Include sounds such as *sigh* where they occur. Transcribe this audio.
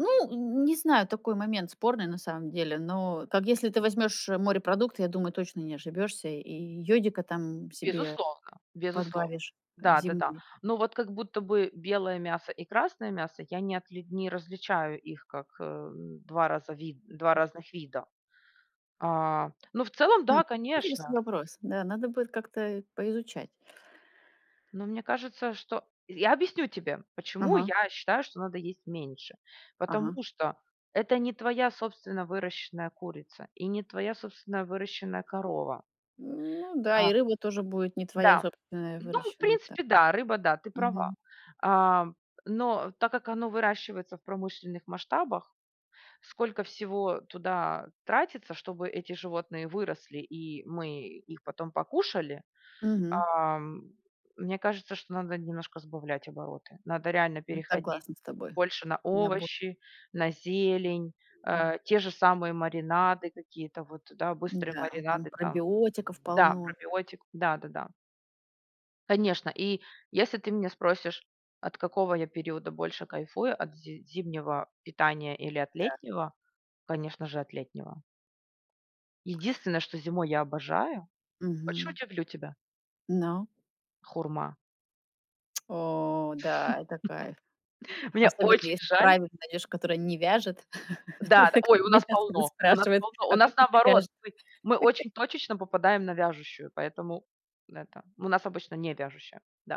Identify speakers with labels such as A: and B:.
A: Ну, н не знаю, такой момент спорный, на самом деле. Но, как если ты возьмёшь морепродукты, я думаю, точно не ошибёшься, и йодика там себе
B: Безусловно, безусловно.
A: подбавишь, э,
B: Да-да-да.
A: земли.
B: Но вот как будто бы белое мясо и красное мясо я не отли не различаю их как, э, н 2 раза вид 2
A: М.
B: разных вида. А, ну, в целом
A: Хм,
B: да,
A: интересный
B: конечно.
A: вопрос. Да, надо будет как-то и поизучать.
B: Ну, мне кажется, что я объясню тебе, почему
A: Ага.
B: я считаю, что надо есть меньше.
A: Ага.
B: Потому что это не твоя собственно выращенная курица и не твоя собственная выращенная корова.
A: Ну да,
B: А,
A: и рыба тоже будет не твоя
B: да.
A: собственная,
B: Ну, в
A: выращенная, так?
B: принципе, да, рыба, да, ты права.
A: Мгм.
B: Ам, но так как оно выращивается в промышленных масштабах, сколько всего туда тратится, чтобы эти животные выросли и мы их потом покушали.
A: Мгм.
B: Ам, мне кажется, что надо немножко сбавлять обороты. Надо реально
A: Ну,
B: переходить
A: согласна с тобой.
B: больше на
A: На бо
B: овощи, на зелень.
A: М.
B: Э, те же самые маринады, какие-то вот, да, быстрые
A: М-да, там
B: маринады там.
A: пробиотиков
B: Да,
A: полно.
B: пробиотик. Да-да-да. Конечно. И если ты меня спросишь, от какого я периода больше кайфую, от зи зимнего питания или от
A: Да.
B: летнего? Конечно же, от летнего. Единственное, что зимой я обожаю. Хочешь,
A: Мгм.
B: удивлю тебя?
A: Но.
B: Хурма.
A: *tsk* О да, это кайф!
B: *laughs* Мне
A: Особенно
B: очень
A: если
B: жаль.
A: правильный найдёшь, который не вяжет.
B: Да-да,
A: *chuckles* Как
B: ой, у
A: мне
B: нас
A: щас будут
B: полно, у нас
A: спрашивать:
B: полно. У
A: "А как
B: нас
A: это
B: наоборот,
A: вяжет?"
B: мы мы
A: *laughs*
B: очень точечно попадаем на вяжущую, поэтому н это у нас обычно не вяжущая, да.